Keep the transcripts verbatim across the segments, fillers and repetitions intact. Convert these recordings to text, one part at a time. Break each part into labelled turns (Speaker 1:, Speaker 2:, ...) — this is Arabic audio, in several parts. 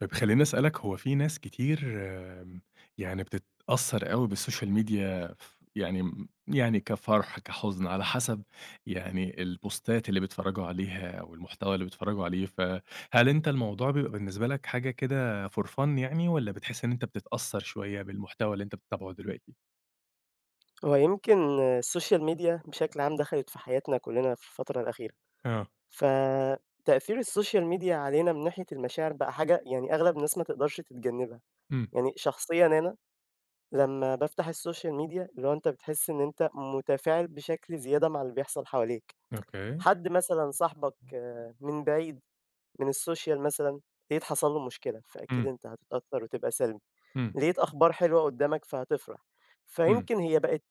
Speaker 1: طب، خلِّيني أسألك، هو في ناس كتير آمم، يعني بتتأثَّر أوي بالسوشيال ميديا ف يعني مم يعني كفرح، كحزن، على حسب يعني، البوستات اللي بيتفرَّجوا عليها، والمحتوى اللي بيتفرَّجوا عليه. فهل أنت الموضوع بيبقى بالنسبة لك حاجة كده for fun يعني، والّا بتحِس إن أنت بتتأثَّر شوية بالمحتوى اللي أنت بتتابعه دلوقتي؟
Speaker 2: هو يمكن السوشيال ميديا بشكل عام، دخلت في حياتنا كلَّنا في الفترة الأخيرة.
Speaker 1: آه.
Speaker 2: فتأثير السوشيال ميديا علينا، من ناحية المشاعر بقى حاجة يعني، أغلب الناس ما تقدرش تتجنَّبها.
Speaker 1: إمم.
Speaker 2: يعني شخصيًا أنا، لمَّا بافتح السوشيال ميديا، اللي هو أنت بتحِس إن أنت متفاعل بشكل زيادة مع اللي بيحصل حواليك.
Speaker 1: أوكي.
Speaker 2: حد مثلًا صاحبك من بعيد، من السوشيال مثلًا، لقيت حصل له مشكلة، فأكيد
Speaker 1: إمم.
Speaker 2: أنت هتتأثَّر وتبقى سلبي.
Speaker 1: إمم.
Speaker 2: لقيت أخبار حلوة قُدَّامك، فهتفرح.
Speaker 1: إمم.
Speaker 2: فيمكن هي بقت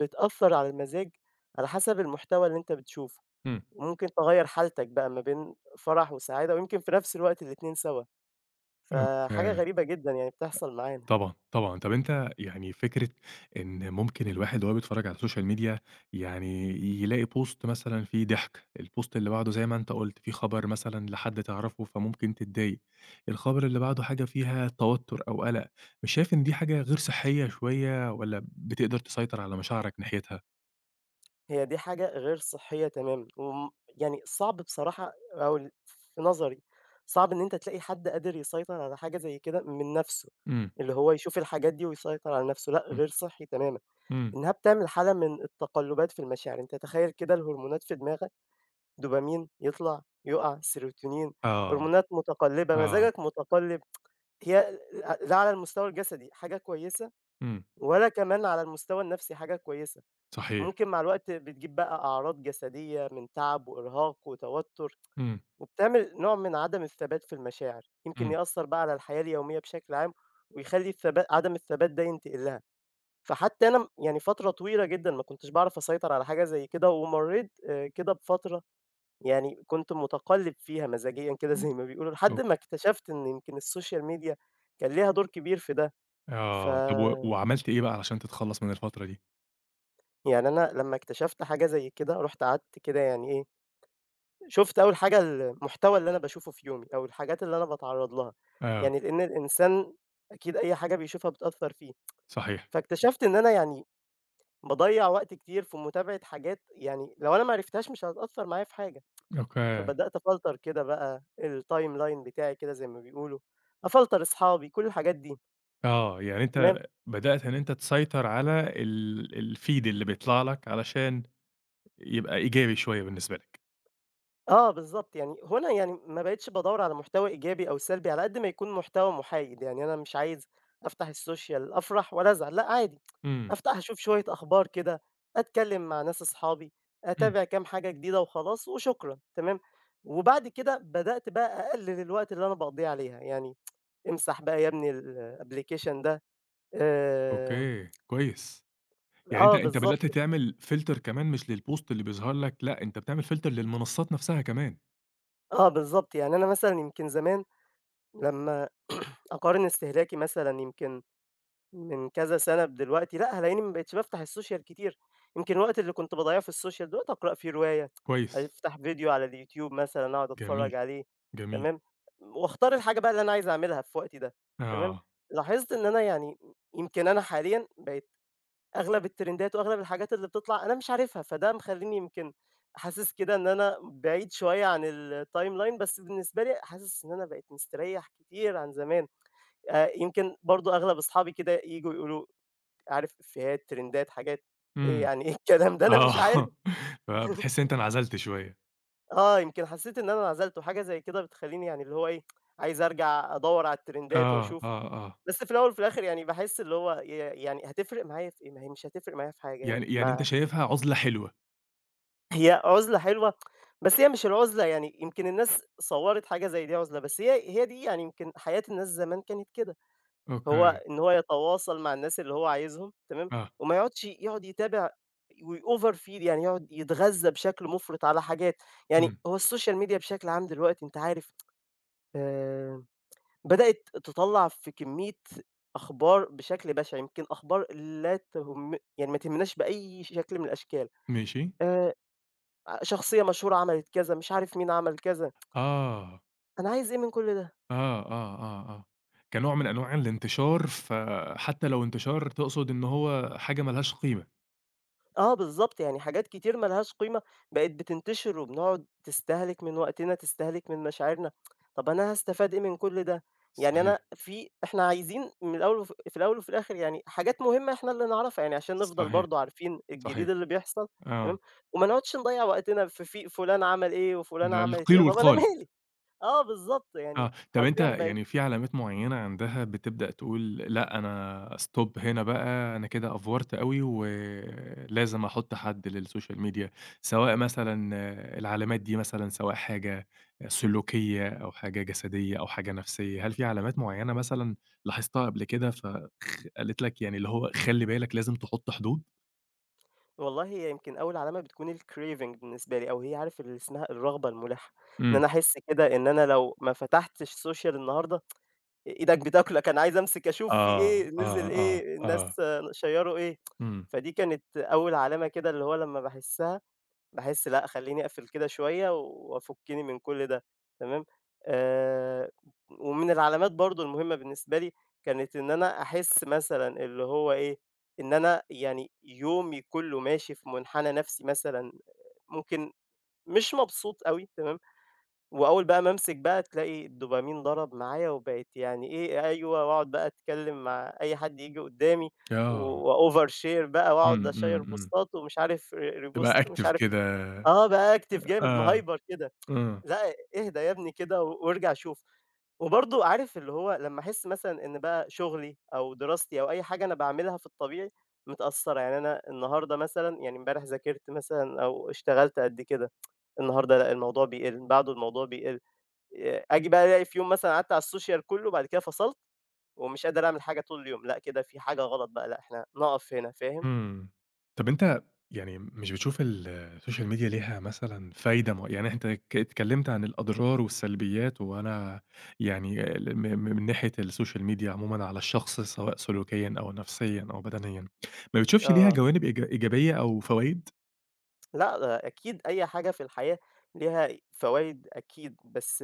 Speaker 2: بتأثَّر على المزاج، على حسب المحتوى اللي أنت بتشوفه.
Speaker 1: إمم.
Speaker 2: وممكن تغيّر حالتك بقى، ما بين فرح وسعادة، ويمكن في نفس الوقت الاتنين سوا. فحاجة
Speaker 1: أوكي،
Speaker 2: غريبة جدًا يعني، بتحصل معانا.
Speaker 1: طبعًا، طبعًا. طب، أنت يعني فكرة إن ممكن الواحد، وهو بيتفرَّج على سوشيال ميديا، يعني، ي يلاقي بوست مثلًا فيه ضحك، البوست اللي بعده زي ما أنت قُلت، في خبر مثلًا لحد تعرفه، فممكن تضايق. الخبر اللي بعده حاجة فيها توتُّر أو قلق. مش شايف إن دي حاجة غير صحية شوية، والّا بتقدر تسيطر على مشاعرك ناحيتها؟
Speaker 2: هي دي حاجة غير صحية تمامًا، وامم يعني صعب بصراحة أو في نظري، صعب إن أنت تلاقي حد قادر يسيطر على حاجة زي كده من نفسه،
Speaker 1: إمم.
Speaker 2: اللي هو يشوف الحاجات دي ويسيطر على نفسه لأ
Speaker 1: إمم
Speaker 2: غير صحّي تمامًا
Speaker 1: إمم.
Speaker 2: إنها بتعمل حالة من التقلبات في المشاعر. أنت تخيل كده الهرمونات في دماغك دوبامين يطلع يقع سيروتونين
Speaker 1: آه.
Speaker 2: هرمونات متقلبة،
Speaker 1: اه.
Speaker 2: مزاجك متقلب، هي ل لا على المستوى الجسدي حاجة كويسة
Speaker 1: إمم.
Speaker 2: ولا كمان على المستوى النفسي حاجة كويسة.
Speaker 1: صحيح.
Speaker 2: ممكن مع الوقت بتجيب بقى أعراض جسدية من تعب وإرهاق وتوتر
Speaker 1: إمم.
Speaker 2: وبتعمل نوع من عدم الثبات في المشاعر، يمكن
Speaker 1: إمم.
Speaker 2: يأثر بقى على الحياة اليومية بشكل عام ويخلِّي الثبات عدم الثبات ده ينتقل لها، فحتى أنا يعني فترة طويلة جدًا ما كنتش بعرف أسيطر على حاجة زي كده ومريت آآ كده بفترة يعني كنت متقلب فيها مزاجيًا كده زي ما بيقولوا لحد
Speaker 1: أو
Speaker 2: ما اكتشفت إن يمكن السوشيال ميديا كان ليها دور كبير في ده
Speaker 1: آه، طب و
Speaker 2: فا
Speaker 1: وعملت إيه بقى عشان تتخلص من الفترة دي؟
Speaker 2: يعني أنا لما اكتشفت حاجة زي كده رُحت قعدت كده يعني ايه، شفت أول حاجة المحتوى اللي أنا باشوفه في يومي أو الحاجات اللي أنا باتعرّض لها
Speaker 1: آه.
Speaker 2: يعني لأن الإنسان أكيد أي حاجة بيشوفها بتأثر فيه،
Speaker 1: صحيح.
Speaker 2: فاكتشفت إن أنا يعني باضيّع وقت كتير في متابعة حاجات يعني لو أنا ما عرفتهاش مش هتأثر معايا في حاجة،
Speaker 1: أوكي.
Speaker 2: فبدأت أفلتر كده بقى الtimeline بتاعي كده زي ما بيقولوا أفلتر أصحابي كل الحاجات دي.
Speaker 1: آه، يعني
Speaker 2: تمام.
Speaker 1: أنت بدأت إن أنت تسيطر على ال الفيد اللي بيطلع لك علشان يبقى إيجابي شوية بالنسبة لك.
Speaker 2: آه، بالضبط، يعني هو أنا يعني ما بقيتش بادوِّر على محتوى إيجابي أو سلبي، على قد ما يكون محتوى محايد. يعني أنا مش عايز أفتح السوشيال، أفرح ولا أزعل، لأ عادي،
Speaker 1: امم.
Speaker 2: أفتح اشوف شوية أخبار كده، أتكلَّم مع ناس أصحابي،
Speaker 1: امم.
Speaker 2: أتابع كام حاجة جديدة وخلاص، وشكرًا، تمام؟ وبعد كده، بدأت بقى أقلِّل الوقت اللي أنا باقضِّيه عليها، يعني، امسح بقى يا ابني، الapplication ده، آآ
Speaker 1: أوكي. كويس. يعني أنت
Speaker 2: آه،
Speaker 1: أنت بدأت
Speaker 2: بالضبط.
Speaker 1: تعمل فلتر كمان مش للبوست اللي بيظهر لك، لأ، أنت بتعمل فلتر للمنصات نفسها كمان.
Speaker 2: آه، بالضبط، يعني أنا مثلًا يمكن زمان، لمَّا أقارن استهلاكي مثلًا يمكن من كذا سنة بدلوقتي، لأ، هالاقيني ما بقيتش بافتح السوشيال كتير. يمكن الوقت اللي كنت باضيِّعه في السوشيال دلوقتي أقرأ فيه رواية،
Speaker 1: كويس.
Speaker 2: أفتح فيديو على اليوتيوب مثلًا، أقعد أتفرَّج
Speaker 1: جميل،
Speaker 2: عليه،
Speaker 1: جميل.
Speaker 2: تمام، وأختار الحاجة بقى اللي أنا عايز أعملها في وقتي ده، تمام،
Speaker 1: آه.
Speaker 2: لاحظت إن أنا يعني، يمكن أنا حاليًا بقيت أغلب الترندات وأغلب الحاجات اللي بتطلع، أنا مش عارفها، فده مخلِّيني يمكن حاسِس كده إن أنا بعيد شوية عن الtimeline. بس بالنسبة لي، حاسِس إن أنا بقيت مستريح كتير عن زمان، آآ، يمكن برضه أغلب أصحابي كده ييجوا يقولوا: "عارف إفيهات، ترندات، حاجات؟" إيه؟
Speaker 1: امم،
Speaker 2: يعني إيه الكلام ده؟ أنا مش عارف.
Speaker 1: آه، آه بتحس إن أنت انعزلت شوية.
Speaker 2: آه، يمكن حسِّيت إن أنا انعزلت، وحاجة زي كده بتخلِّيني يعني اللي هو إيه، عايز أرجع أدوِّر على الترندات
Speaker 1: آه، آه،
Speaker 2: وأشوف.
Speaker 1: آه.
Speaker 2: بس في الأول وفي الآخر، يعني باحِس اللي هو ي يعني، هاتفرِّق معايا في إيه؟ ما هي مش هاتفرِّق معايا في حاجة يعني.
Speaker 1: يعني يعني أنت
Speaker 2: ما
Speaker 1: شايفها عُزلة حلوة؟
Speaker 2: هي عُزلة حلوة، بس هي مش العُزلة يعني يمكن الناس صوَّرت حاجة زي دي عُزلة، بس هي هي دي يعني يمكن حياة الناس زمان كانت كده،
Speaker 1: أوكي.
Speaker 2: هو إن هو يتواصل مع الناس اللي هو عايزهم، تمام،
Speaker 1: آه.
Speaker 2: وما يقعدش يقعد يتابع، ويoverfeel، يعني يقعد يتغذَّى بشكل مُفرط على حاجات. يعني
Speaker 1: امم.
Speaker 2: هو السوشيال ميديا بشكل عام دلوقتي أنت عارف، آآ، بدأت تطلِّع في كمية أخبار بشكل بَشِع، يمكن أخبار لا تهم يعني، ما تهمناش بأي شكل من الأشكال،
Speaker 1: ماشي.
Speaker 2: آآ، ع شخصيَّة مشهورة عملت كذا، مش عارف مين عمل كذا.
Speaker 1: آه.
Speaker 2: أنا عايز إيه من كل ده؟
Speaker 1: آه، آه، آه، آه، كنوع من أنواع الإنتشار، فحتّى لو إنتشار تقصد إن هو حاجة ما لهاش قيمة.
Speaker 2: آه، بالضبط، يعني حاجات كتير ما لهاش قيمة، بقت بتنتشر، وبنقعد تستهلك من وقتنا، تستهلك من مشاعرنا. طَب، أنا هاستفيد إيه من كل ده؟ يعني
Speaker 1: صحيح.
Speaker 2: أنا في إحنا عايزين من الأول وف في الأول وفي الآخر يعني، حاجات مهمة إحنا اللي نعرفها، يعني عشان نفضل
Speaker 1: صحيح،
Speaker 2: برضه عارفين الجديد
Speaker 1: صحيح،
Speaker 2: اللي بيحصل، تمام،
Speaker 1: آه.
Speaker 2: وما نقعدش نضيِّع وقتنا في في فلان عمل إيه وفلانة
Speaker 1: لأ،
Speaker 2: عملت إيه.
Speaker 1: القيل
Speaker 2: طَب، أنا
Speaker 1: والقال.
Speaker 2: مالي؟ آه، بالضبط، يعني
Speaker 1: آه، طَب، أنت
Speaker 2: حرفيًا بقت
Speaker 1: يعني في علامات معيَّنة عندها بتبدأ تقول "لأ، أنا stop هنا بقى، أنا كده أفورت أوي ولازم أحُط حد للسوشيال ميديا" سواء مثلًا العلامات دي مثلًا، سواء حاجة سلوكيَّة، أو حاجة جسديَّة، أو حاجة نَفْسيَّة، هل في علامات معيَّنة مثلًا، لاحظتها قبل كده، فخ قالت لك، يعني اللي هو، خلِّي بالك، لازم تحُط حدود؟
Speaker 2: والله، هي يمكن أوّل علامة بتكون الcraving بالنسبة لي، أو هي عارف اللي اسمها الرغبة الملحَّة، إن
Speaker 1: إمم.
Speaker 2: أنا أحس كده إن أنا لو ما فتحتش سوشيال النهارده، آآ، إيدك بتاكلك، أنا عايز أمسك أشوف في
Speaker 1: آه،
Speaker 2: إيه، نزل
Speaker 1: آه، آه،
Speaker 2: إيه، الناس
Speaker 1: آه.
Speaker 2: شيّروا إيه.
Speaker 1: إمم.
Speaker 2: فدي كانت أوّل علامة كده، اللي هو لمَّا باحسّها، باحس لأ، خلِّيني أقفل كده شوية، وافُكِّني من كل ده، تمام. آآ، ومن العلامات برضه المهمة بالنسبة لي، كانت إن أنا أحس مثلًا، اللي هو إيه، إن أنا يعني، يومي كلّه ماشي في منحنى نفسي مثلًا، ممكن مش مبسوط أوي، تمام. وأوّل بقى ما امسك بقى، تلاقي الدوبامين ضرب معايا، وبقيت يعني إيه، أيوه، وأقعد بقى أتكلّم مع أي حد ييجي قُدَّامي،
Speaker 1: آه.
Speaker 2: وover share بقى،
Speaker 1: إمم،
Speaker 2: وأقعد أشيّر
Speaker 1: إمم، إمم.
Speaker 2: بوستات، ومش عارف re
Speaker 1: تبقى
Speaker 2: repost، ومش
Speaker 1: active
Speaker 2: عارف
Speaker 1: كده.
Speaker 2: آه،
Speaker 1: آآ،
Speaker 2: بactive جامد،
Speaker 1: آه،
Speaker 2: مهيبر كده.
Speaker 1: امم.
Speaker 2: لأ، اهدى يابني كده، وارجع شوف. وبرضه، عارف، اللي هو، لمَّا أحس مثلًا إن بقى شغلي، أو دراستي، أو أي حاجة أنا باعملها في الطبيعي، متأثّرة. يعني، أنا النهارده مثلًا يعني امبارح ذاكرت مثلًا، أو اشتغلت قد كده، النهارده لأ، الموضوع بيقل، بعده الموضوع بيقل. ي آجي بقى، ألاقي في يوم مثلًا، قعدت على السوشال كلّه، وبعد كده فصلت، ومش قادر أعمل حاجة طول اليوم. لأ، كده في حاجة غلط بقى، لأ، إحنا نقف هنا، فاهم؟
Speaker 1: إمم. طَب، أنت يعني مش بتشوف ال السوشيال ميديا ليها مثلًا فايدة مع يعني أنت اتك اتكلمت عن الأضرار والسلبيات، وأنا يعني ل م م من ناحية السوشيال ميديا عمومًا على الشخص، سواء سلوكيًا أو نفسيًا أو بدنيًا، ما بتشوفش لها
Speaker 2: آه.
Speaker 1: جوانب إيج إيجابية أو فوايد؟
Speaker 2: لأ، أكيد أي حاجة في الحياة ليها فوايد أكيد، بس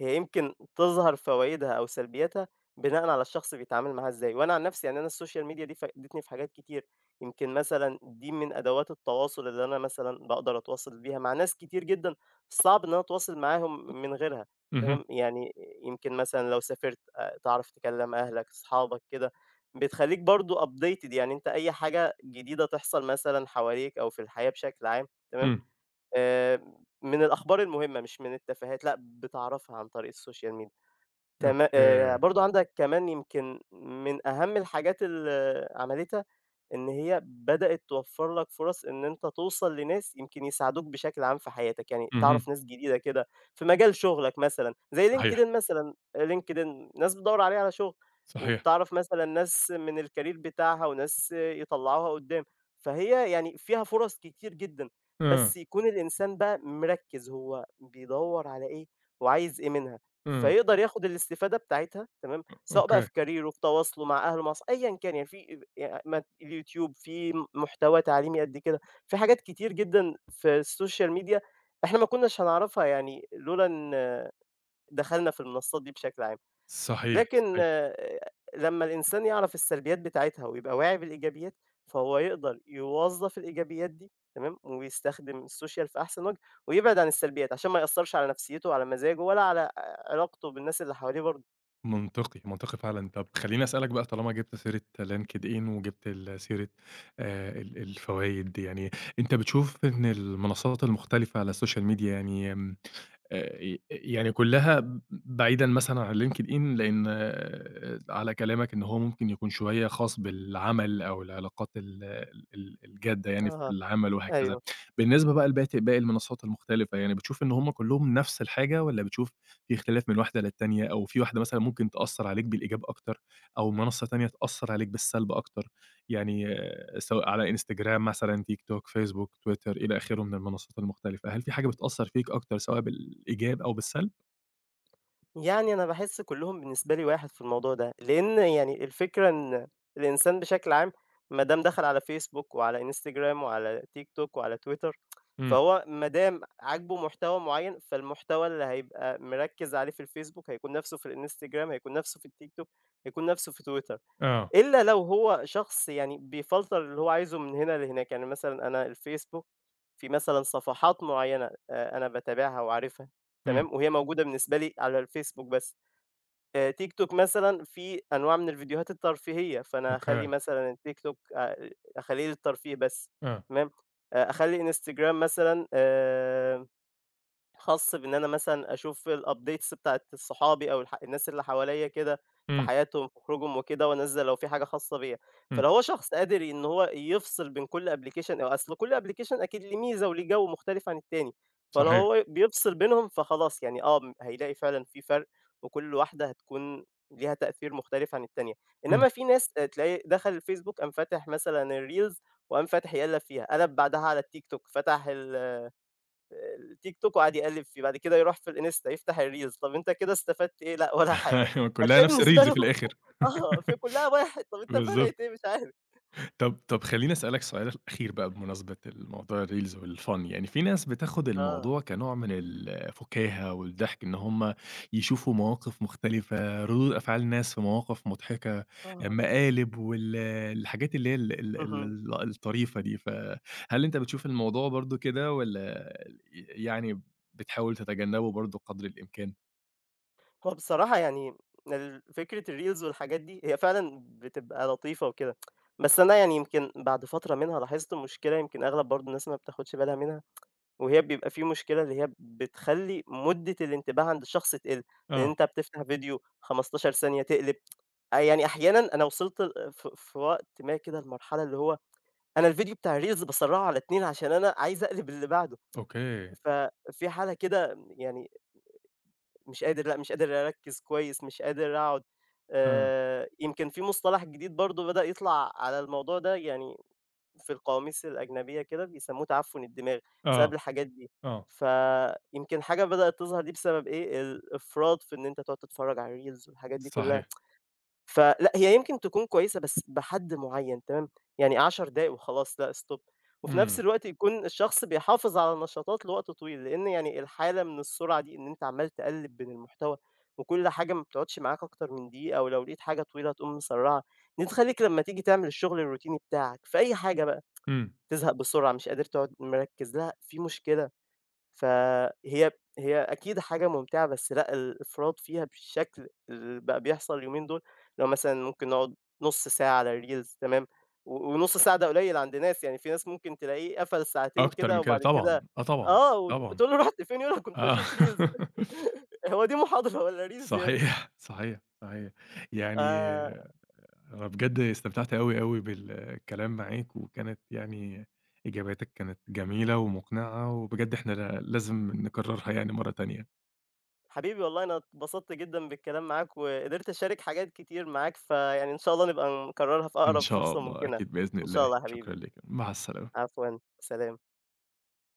Speaker 2: هي يمكن تظهر فوايدها أو سلبياتها بناءً على الشخص بيتعامل معاها إزاي. وأنا عن نفسي يعني أنا السوشيال ميديا دي، فادتني في حاجات كتير، يمكن مثلًا دي من أدوات التواصل اللي أنا مثلًا باقدر أتواصل بيها مع ناس كتير جدًا صعب إن أتواصل معاهم من غيرها،
Speaker 1: اهم.
Speaker 2: تمام. يعني، يمكن مثلًا لو سافِرت، تعرف تكلِّم أهلك، أصحابك كده، بتخلِّيك برضه updated، يعني أنت أي حاجة جديدة تحصل مثلًا حواليك أو في الحياة بشكل عام، تمام،
Speaker 1: إمم.
Speaker 2: آآ، من الأخبار المهمة، مش من التفاهات، لأ، بتعرفها عن طريق السوشيال ميديا، تما آآ،
Speaker 1: أوكي.
Speaker 2: برضه، عندك كمان يمكن من أهم الحاجات اللي عملِتها، إن هي بدأت توفّر لك فرص، إن أنت توصل لناس يمكن يساعدوك بشكل عام في حياتك، يعني تعرف
Speaker 1: اهم.
Speaker 2: ناس جديدة كده في مجال شغلك مثلًا، زيّ LinkedIn
Speaker 1: صحيح.
Speaker 2: مثلًا، LinkedIn، ناس بتدوّر عليه على شغل،
Speaker 1: صحيح.
Speaker 2: وبتعرف مثلًا ناس من الcareer بتاعتها، وناس يطلِّعوها قُدَّام، فهي يعني فيها فرص كتير جدًا،
Speaker 1: امم.
Speaker 2: بس يكون الإنسان بقى مركِّز، هو بيدوّر على إيه وعايز إيه منها،
Speaker 1: إمم.
Speaker 2: فيقدر ياخد الاستفادة بتاعتها، تمام،
Speaker 1: أ
Speaker 2: سواء بقى
Speaker 1: أوكي.
Speaker 2: في كاريره، في تواصله مع أهله، أصح أيًا كان يعني في ي مث الYouTube، فيه م محتوى تعليمي قد كده، في حاجات كتير جدًا في السوشيال ميديا إحنا ما كناش هنعرفها، يعني لولا إن دخَلنا في المنصات دي بشكل عام.
Speaker 1: صحيح،
Speaker 2: لكن
Speaker 1: صحيح.
Speaker 2: لمَّا الإنسان يعرف السلبيات بتاعتها، ويبقى واعي بالإيجابيات، فهو يقدر يوظّف الإيجابيات دي، تمام، ويستخدم السوشيال في أحسن وجه، ويبعد عن السلبيات، عشان ما يأثّرش على نفسيّته وعلى مزاجه، ولا على ع علاقته بالناس اللي حواليه برضه.
Speaker 1: منطقي، منطقي فعلًا. طب، خلِّيني أسألك بقى، طالما جِبت سيرة LinkedIn، وجِبت ال سيرة آآ، ال الفوايد، يعني، أنت بتشوف إن المنصات المختلفة على السوشيال ميديا يعني آمم، آآ، يعني كلها ب بعيدًا مثلًا عن LinkedIn، لأن على كلامك إن هو ممكن يكون شوية خاص بالعمل، أو العلاقات ال ال الجادة يعني في
Speaker 2: أها،
Speaker 1: العمل وهكذا.
Speaker 2: أيوه.
Speaker 1: بالنسبة بقى لبت لباقي المنصات المختلفة، يعني بتشوف إن هُم كلّهم نفس الحاجة، والّا بتشوف في اختلاف من واحدة للتانية، أو في واحدة مثلًا، ممكن تأثِّر عليك بالإيجاب أكتر، أو منصة تانية تأثِّر عليك بالسلب أكتر؟ يعني، سواء على Instagram مثلًا، TikTok، Facebook، Twitter، إلى آخره من المنصات المختلفة، هل في حاجة بتأثِّر فيك أكتر، سواء بالإيجاب أو بالسلب؟
Speaker 2: يعني أنا باحِس كلُّهم بالنسبة لي واحد في الموضوع ده. لأن يعني الفكرة إن الإنسان بشكل عام، ما دام دخل على Facebook، وعلى Instagram، وعلى TikTok، وعلى Twitter،
Speaker 1: إمم.
Speaker 2: فهو ما دام عاجبه محتوى معيَّن، فالمحتوى اللي هيبقى مركِّز عليه في الFacebook، هيكون نفسه في الInstagram، هيكون نفسه في الTikTok، هيكون نفسه في Twitter.
Speaker 1: آه.
Speaker 2: إلا لو هو شخص يعني، بيفلتر اللي هو عايزه من هنا لهناك. يعني مثلًا أنا الFacebook، في مثلًا صفحات معيَّنة آآ، أنا باتابعها وعارفها،
Speaker 1: إمم.
Speaker 2: تمام، وهي موجودة بالنسبة لي على الFacebook بس. آآ، TikTok مثلًا، فيه أنواع من الفيديوهات الترفيهية، فأنا هأخلِّي
Speaker 1: أوكي.
Speaker 2: مثلًا الTikTok آآ، أخلِّيه للترفيه بس،
Speaker 1: آه.
Speaker 2: تمام. آآ، أخلِّي Instagram مثلًا آآ، خاص بإن أنا مثلًا، أشوف الupdates بتاعة صحابي، أو الح الناس اللي حواليَّا كده في
Speaker 1: إمم.
Speaker 2: حياتهم في خروجهم وكده، وأنزِّل لو في حاجة خاصة بيَّا.
Speaker 1: إمم.
Speaker 2: فلو هو شخص قادر إن هو يفصِل بين كل application أصل كل application أكيد ليه ميزة وليه جو مختلف عن التاني، فلو
Speaker 1: صحيح.
Speaker 2: هو بيفصِل بينهم فخلاص، يعني آه، هيلاقي فعلًا في فرِق، وكل واحدة هتكون ليها تأثير مختلف عن التانية. إنما
Speaker 1: إمم.
Speaker 2: في ناس تلاقي دخل الFacebook، قام فتح مثلًا الreels وقام فاتح يقلِّب فيها، قلَّب بعدها على الTikTok، فتح ال الTikTok وقعد يقلِّب فيه، بعد كده يروح في الInsta، يفتح الreels. طب، أنت كده استفدت إيه؟ لأ، ولا حاجة.
Speaker 1: كلّها
Speaker 2: هتلاقي
Speaker 1: نفس
Speaker 2: بالنسبة
Speaker 1: الReels
Speaker 2: له
Speaker 1: في الآخر.
Speaker 2: آه، فكلّها واحد. طب، أنت فرِّقت
Speaker 1: بالضبط.
Speaker 2: إيه؟ مش عارف.
Speaker 1: طَب طَب، خلِّيني أسألك سؤال أخير بقى، بمناسبة ال موضوع الReels والFun يعني، في ناس بتاخد
Speaker 2: آه.
Speaker 1: الموضوع كنوع من ال الفُكاهة والضحك، إن هُم يشوفوا مواقف مختلفة، ردود أفعال ناس في مواقف مضحكة، آآ،
Speaker 2: أها.
Speaker 1: مقالب، وال الحاجات اللي هي ال ال
Speaker 2: اهم.
Speaker 1: ال الطريفة دي. فهل أنت بتشوف الموضوع برضه كده، والّا ي يعني، بتحاول تتجنَّبه برضه قدر الإمكان؟
Speaker 2: هو بصراحة يعني ال فكرة الreels والحاجات دي هي فعلًا بتبقى لطيفة وكده. بس أنا يعني يمكن بعد فترة منها لاحظت المشكلة، يمكن أغلب برضه الناس ما بتاخدش بالها منها. وهي بيبقى في مشكلة، اللي هي بتخلي مدة الانتباه عند الشخص تقِل، لأن
Speaker 1: آه.
Speaker 2: أنت بتفتح فيديو خمستاشر ثانية تقلب. يعني أحيانًا أنا وصلت في في وقت ما كده لمرحلة اللي هو أنا الفيديو بتاع الreels بسرّعه على اتنين، عشان أنا عايزة أقلب للي بعده.
Speaker 1: أوكي.
Speaker 2: ففي حالة كده يعني مش قادر، لأ مش قادر أركز كويس، مش قادر أقعد.
Speaker 1: [unintelligible]
Speaker 2: آآ، يمكن في مصطلح جديد برضه بدأ يطلع على الموضوع ده يعني، في القواميس الأجنبية كده بيسموه تعفّن الدماغ بسبب
Speaker 1: آه
Speaker 2: الحاجات دي.
Speaker 1: آه.
Speaker 2: فيمكن حاجة بدأت تظهر دي بسبب إيه، الإفراط في إن أنت تقعد تتفرج على الreels والحاجات دي كلها.
Speaker 1: صحيح.
Speaker 2: فلأ هي يمكن تكون كويسة، بس بحد معيّن تمام، يعني، عشر دقايق وخلاص، لأ stop. وفي نَفْس
Speaker 1: إمم.
Speaker 2: الوقت يكون الشخص بيحافظ على نشاطات لوقت طويل، لإن يعني الحالة من السرعة دي، إن أنت عمّال تقلّب بين المحتوى وكل حاجة ما بتقعدش معاك أكتر من دقيقة، ولو لقيت حاجة طويلة تقوم مسرّعها، دي تخليك لما تيجي تعمل الشغل الروتيني بتاعك في أي حاجة بقى،
Speaker 1: إمم.
Speaker 2: تزهق بسرعة، مش قادر تقعد مركّز لها، في مشكلة. فهي هي أكيد حاجة ممتعة، بس لأ الإفراط فيها بالشكل اللي بقى بيحصل اليومين دول، اللي هو مثلًا ممكن نقعد نص ساعة على الreels تمام، و ونص ساعة ده قليل عند ناس يعني، في ناس ممكن تلاقيه قفل ساعتين
Speaker 1: أكتر من
Speaker 2: كده،
Speaker 1: كده،
Speaker 2: وبعد
Speaker 1: طبعًا،
Speaker 2: كده
Speaker 1: آه طبعًا،
Speaker 2: آه، وت
Speaker 1: طبعًا،
Speaker 2: وتقول له: "رُحت فين؟" يقول لك "كنت
Speaker 1: آه.
Speaker 2: باشوف reels،" "هو دي محاضرة والّا reels يا ابني؟"
Speaker 1: صحيح، صحيح، صحيح. يعني
Speaker 2: آآ
Speaker 1: أنا بجد استمتعت أوي، أوي بالكلام معاك، وكانت يعني إجاباتك كانت جميلة ومقنعة، وبجد إحنا لا لازم نكررها يعني مرة تانية.
Speaker 2: حبيبي والله، أنا اتبسطت جدًا بالكلام معاك، وقدرت أشارك حاجات كتير معاك فيعني إن شاء الله نبقى نكررها في
Speaker 1: إن
Speaker 2: أقرب
Speaker 1: شاء
Speaker 2: فرصة
Speaker 1: الله،
Speaker 2: ممكنة،
Speaker 1: أكيد بإذن
Speaker 2: إن شاء
Speaker 1: الله.
Speaker 2: الله يا حبيبي.
Speaker 1: شكرًا ليك، مع السلامة.
Speaker 2: عفوًا، سلام.